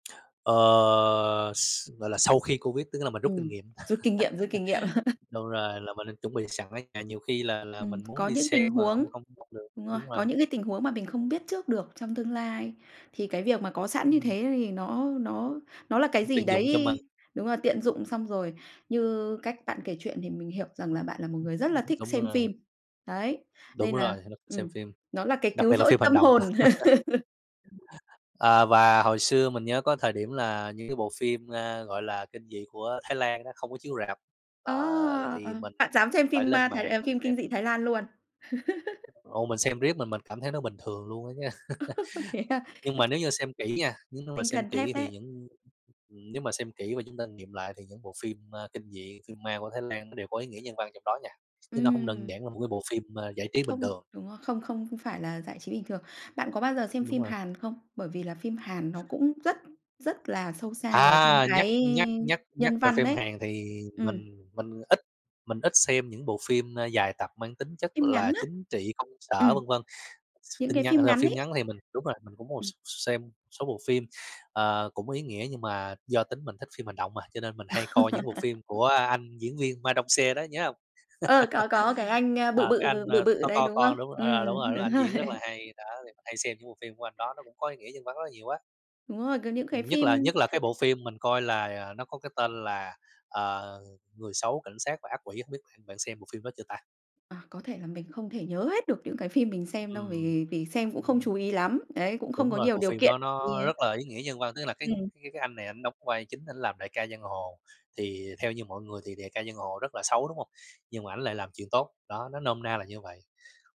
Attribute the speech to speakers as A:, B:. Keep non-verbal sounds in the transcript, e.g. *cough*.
A: Ờ, s gọi là, sau khi Covid tức nghĩa là mình rút kinh
B: Ừm,
A: nghiệm.
B: rút kinh nghiệm, rút kinh nghiệm. *laughs*
A: *laughs* Đúng rồi, là mình nên chuẩn bị sẵn ở nhà nhiều khi là là
B: Ừm,
A: mình muốn
B: có
A: đi
B: những tình
A: xem mà
B: huống
A: hông hông hông được,
B: đúng rồi,
A: đúng rồi.
B: có những cái tình huống mà mình không biết trước được trong tương lai. Thì cái việc mà có sẵn như
A: Ừm.
B: thế thì nó nó nó là cái gì
A: Tiện dụng cho mình.
B: đấy, đúng rồi, tiện dụng xong rồi, như cách bạn kể chuyện thì mình hiểu rằng là bạn là một người rất là thích
A: Đúng
B: xem
A: rồi.
B: phim. Đấy,
A: Đúng
B: nên là,
A: rồi, mình xem
B: ừm,
A: phim,
B: nó là cái
A: đặc
B: cứu
A: biệt là
B: rỗi
A: phim hành
B: tâm
A: động.
B: hồn. *laughs*
A: *laughs* À, và hồi xưa mình nhớ có thời điểm là những cái bộ phim, a, gọi là, kinh dị của Thái Lan á không có chiếu rạp, à,
B: A!
A: l thì
B: À,
A: mình
B: bạn dám xem
A: phải
B: phim
A: lên
B: ma Thái,
A: mạng
B: à,
A: mình
B: phim
A: xem.
B: kinh dị Thái Lan luôn? *laughs*
A: Ồ, mình xem riết mà mình cảm thấy nó bình thường luôn á chớ.
B: *laughs* Thế à?
A: *laughs* Nhưng
B: A,
A: mà
B: th
A: nếu như xem kỹ nha, nếu mà
B: Tinh
A: xem
B: thần thép
A: kỹ thì
B: đấy.
A: những nếu mà xem kỹ và chúng ta nghiệm lại thì những bộ phim, a, kinh dị, phim ma của Thái Lan nó đều có ý nghĩa nhân văn trong đó nha, chứ nó hông đơn
B: Ừm.
A: giản là một cái bộ phim ma giải trí bình
B: Không,
A: thường.
B: đúng rồi, không không không ph phải là giải trí bình thường. Bạn có bao giờ xem
A: Đúng
B: phim
A: rồi.
B: Hàn không? Bởi vì là phim Hàn nó cũng rất rất là sâu xa vào trong
A: À, nhắc
B: cái
A: nhắc nhắc nhắc
B: nhân
A: về
B: văn
A: phim
B: đấy.
A: Hàn thì
B: Ừm.
A: mình mình ít mình ít xem những bộ phim, a, dài tập mang tính chất
B: Phim
A: là
B: ngắn á.
A: chính trị, công sở,
B: Ừm.
A: vân vân. X
B: Những
A: tin
B: cái
A: nhắn, à,
B: phim
A: là
B: ngắn
A: phim
B: ấy.
A: ngắn thì mình đúng rồi, cũng một x
B: Ừm.
A: xem số bộ phim, ờ, cũng ý nghĩa nhưng mà do tính mình thích phim hành động à, cho nên mình hay coi những bộ phim
B: *laughs*
A: của anh diễn viên Ma Dong-seok đó nhớ hông? *laughs*
B: Ờ, có, có cái anh, a, bự
A: À, cái
B: bự,
A: anh,
B: bự
A: ơ,
B: bự
A: to
B: đấy,
A: to
B: đúng không?
A: con đúng ờ, đúng rồi,
B: Ừm,
A: đúng,
B: đúng
A: ảnh
B: rồi.
A: diễn rất là hay, đó thì hay xem những bộ phim của anh đó nó cũng có ý nghĩa nhân văn rất là nhiều á.
B: Đúng rồi, có những cái
A: Nhất
B: phim
A: là nhất là cái bộ phim mình coi là, à, nó có cái tên là, ờ, Người xấu, cảnh sát và ác quỷ, hổng biết bạn bạn xem bộ phim đó chưa ta?
B: À, có thể là mình không thể nhớ hết được những cái phim mình xem đâu
A: Ừm.
B: vì vì xem cũng không chú ý lắm. Đấy, cũng
A: Đúng
B: không có
A: rồi,
B: nhiều
A: bộ
B: điều
A: phim
B: kiện.
A: đó nó
B: Yeah.
A: rất là ý nghĩa nhân văn, tức là cái
B: Ừm.
A: cái cái anh này ảnh đóng vai chính ảnh làm đại ca giang hồ, thì theo như mọi người thì đại ca giang hồ rất là xấu, đúng hông? Nhưng mà ảnh lại làm chuyện tốt, đó, nó nôm na là như vậy.